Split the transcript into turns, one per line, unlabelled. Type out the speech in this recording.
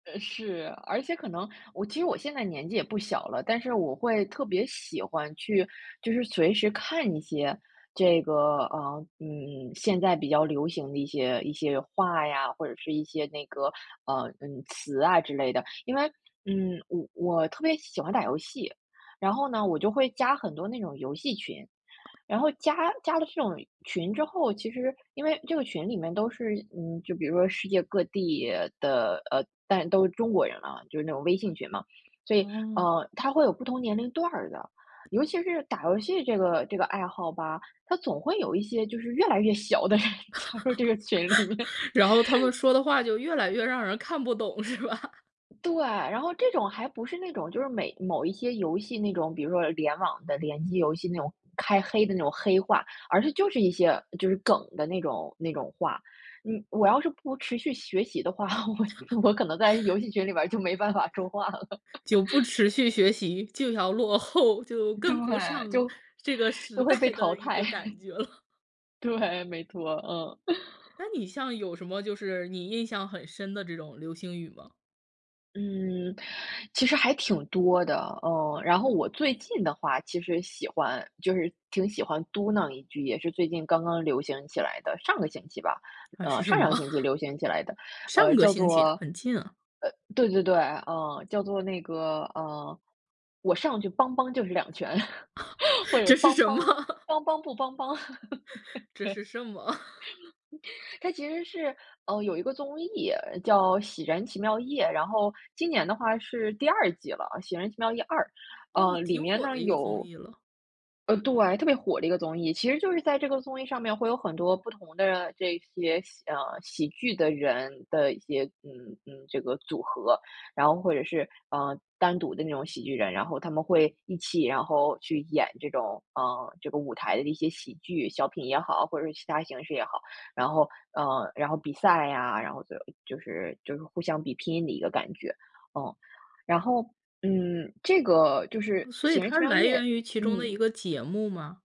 呃，是。而且可能我其实我现在年纪也不小了，但是我会特别喜欢去就是随时看一些这个，啊，嗯，现在比较流行的一些一些话呀，或者是一些那个，呃，嗯，词啊之类的。因为嗯，我我特别喜欢打游戏，然后呢，我就会加很多那种游戏群。然后加加了这种群之后，其实因为这个群里面都是嗯，就比如说世界各地的呃，但都是中国人啊，就是那种微信群嘛。所以，
哦。
呃，它会有不同年龄段儿的，尤其是打游戏这个这个爱好吧，它总会有一些就是越来越小的人加入这个群里面。
然后他们说的话就越来越让人看不懂，是吧？
对。然后这种还不是那种就是每某一些游戏那种比如说联网的联机游戏那种开黑的那种黑话。而是就是一些就是梗的那种那种话。嗯，我要是不持续学习的话，我我 可能在游戏群里边儿就没办法说话了。
就不持续学习就要落后，就跟不
对，
上
就
这个时
就会
代
被
的
淘
一
汰。
个感 觉了。
对，没错，嗯。
那你像有什么就是你印象很深的这种流行语吗？
嗯，其实还挺多的，嗯。然后我最近的话其实喜欢就是挺喜欢嘟囔一句，也是最近刚刚流行起来的上个星期吧
啊，
呃，
是什
上上
么？
个星期流行起来的，呃，
上个
叫
星期，
做
很近啊。
呃，对对对，嗯，叫做那个，嗯，“我上去邦邦就是两拳”，或 者
这是
“邦
什么？
邦 邦邦不邦邦”。对。
这是什么？
它其实是呃，有一个综艺叫《喜人奇妙夜》，然后今年的话是第2季了，《喜人奇妙夜2》，
哦，
呃，里
挺
面
火
呢
的一个综
有
艺了。
呃，对，特别火的一个综艺，其实就是在这个综艺上面会有很多不同的这些喜啊，喜剧的人的一些嗯，嗯，这个组合，然后或者是，啊，单独的那种喜剧人，然后他们会一起，然后去演这种啊，这个舞台的一些喜剧，小品也好，或者是其它形式也好。然后嗯，然后比赛啊，然后就就是就是互相比拼的一个感觉。嗯，然后嗯，这个就是
哦，所
《喜
以
人奇
它是
妙
来
夜》
源于其中的一
嗯。
个节目吗？